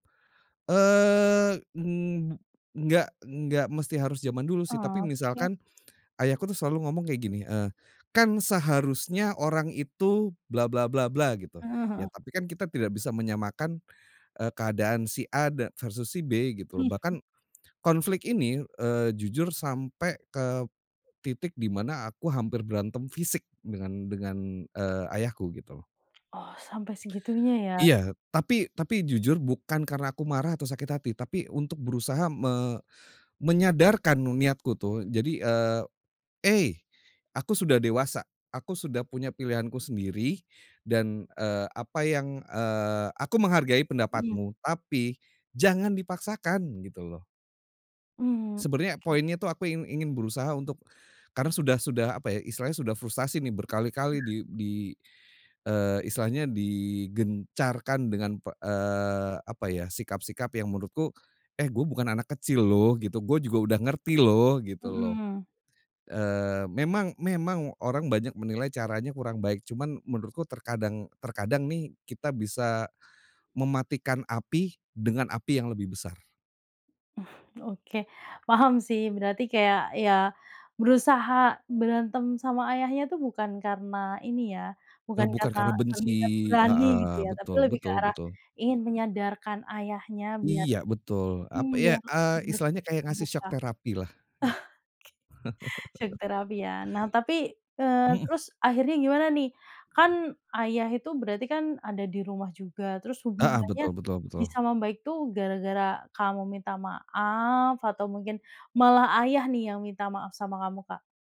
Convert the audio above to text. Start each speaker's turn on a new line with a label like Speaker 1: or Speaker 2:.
Speaker 1: Eee, ng mb enggak enggak mesti harus jaman dulu sih, tapi
Speaker 2: Oke.
Speaker 1: misalkan ayahku tuh selalu ngomong kayak gini, eee, kan seharusnya orang itu bla bla bla bla gitu,
Speaker 2: Heeh heeh.
Speaker 1: ya tapi kan kita tidak bisa menyamakan, eee, keadaan si A dan versus si B gitu loh.
Speaker 2: Mhm.
Speaker 1: Bahkan, konflik ini, eee, jujur sampai ke titik di mana aku hampir berantem fisik dengan dengan, eee, ayahku, gitu.
Speaker 2: Oh, sampai segitunya ya.
Speaker 1: Iya. Tapi tapi jujur bukan karena aku marah atau sakit hati, tapi untuk berusaha me menyadarkan nu niatku tuh. Jadi, eee, ey, aku sudah dewasa, aku sudah punya pilihanku sendiri, dan, eee, apa yang, eee, aku menghargai
Speaker 2: Iya.
Speaker 1: pendapatmu. Tapi, jangan dipaksakan gitu, loh.
Speaker 2: Hmm,
Speaker 1: Sebenarnya
Speaker 2: oke.
Speaker 1: poinnya tuh aku ingin ingin berusaha untuk, karena sudah sudah apa ya istilahnya, sudah frustasi nih berkali-kali di di, eee, istilahnya digencarkan dengan p eee, apa ya sikap-sikap yang menurutku, eh, gue bukan anak kecil loh, gitu. Gue juga udah ngerti loh, gitu loh.
Speaker 2: Mhm.
Speaker 1: Eee, memang memang orang banyak menilai caranya kurang baik, cuman menurutku terkadang terkadang nih, kita bisa mematikan api dengan api yang lebih besar.
Speaker 2: Oke, paham sih. Berarti kayak ya berusaha berantem sama ayahnya itu bukan karena ini ya,
Speaker 1: E
Speaker 2: bukan
Speaker 1: bukan
Speaker 2: karena
Speaker 1: karena benci
Speaker 2: terlihat berani gitu
Speaker 1: heeh,
Speaker 2: ya, tapi
Speaker 1: betul,
Speaker 2: lebih ke
Speaker 1: betul,
Speaker 2: arah
Speaker 1: betul.
Speaker 2: ingin menyadarkan ayahnya biar
Speaker 1: Iya, betul.
Speaker 2: mhm,
Speaker 1: Ap
Speaker 2: biar
Speaker 1: ya eee,
Speaker 2: ber
Speaker 1: istilahnya kayak ngasih
Speaker 2: terbuka.
Speaker 1: syok
Speaker 2: Ah,
Speaker 1: terapi lah gitu.
Speaker 2: ke. Syok terapi ya. Nah tapi, eee,
Speaker 1: Mhm.
Speaker 2: terus akhirnya gimana nih? Kan ayah itu berarti kan ada di rumah juga, terus
Speaker 1: Heeh,
Speaker 2: hubungannya
Speaker 1: betul betul
Speaker 2: bisa
Speaker 1: betul.
Speaker 2: membaik tuh gara-gara kamu minta maaf atau mungkin malah ayah nih yang minta maaf sama kamu, Kak?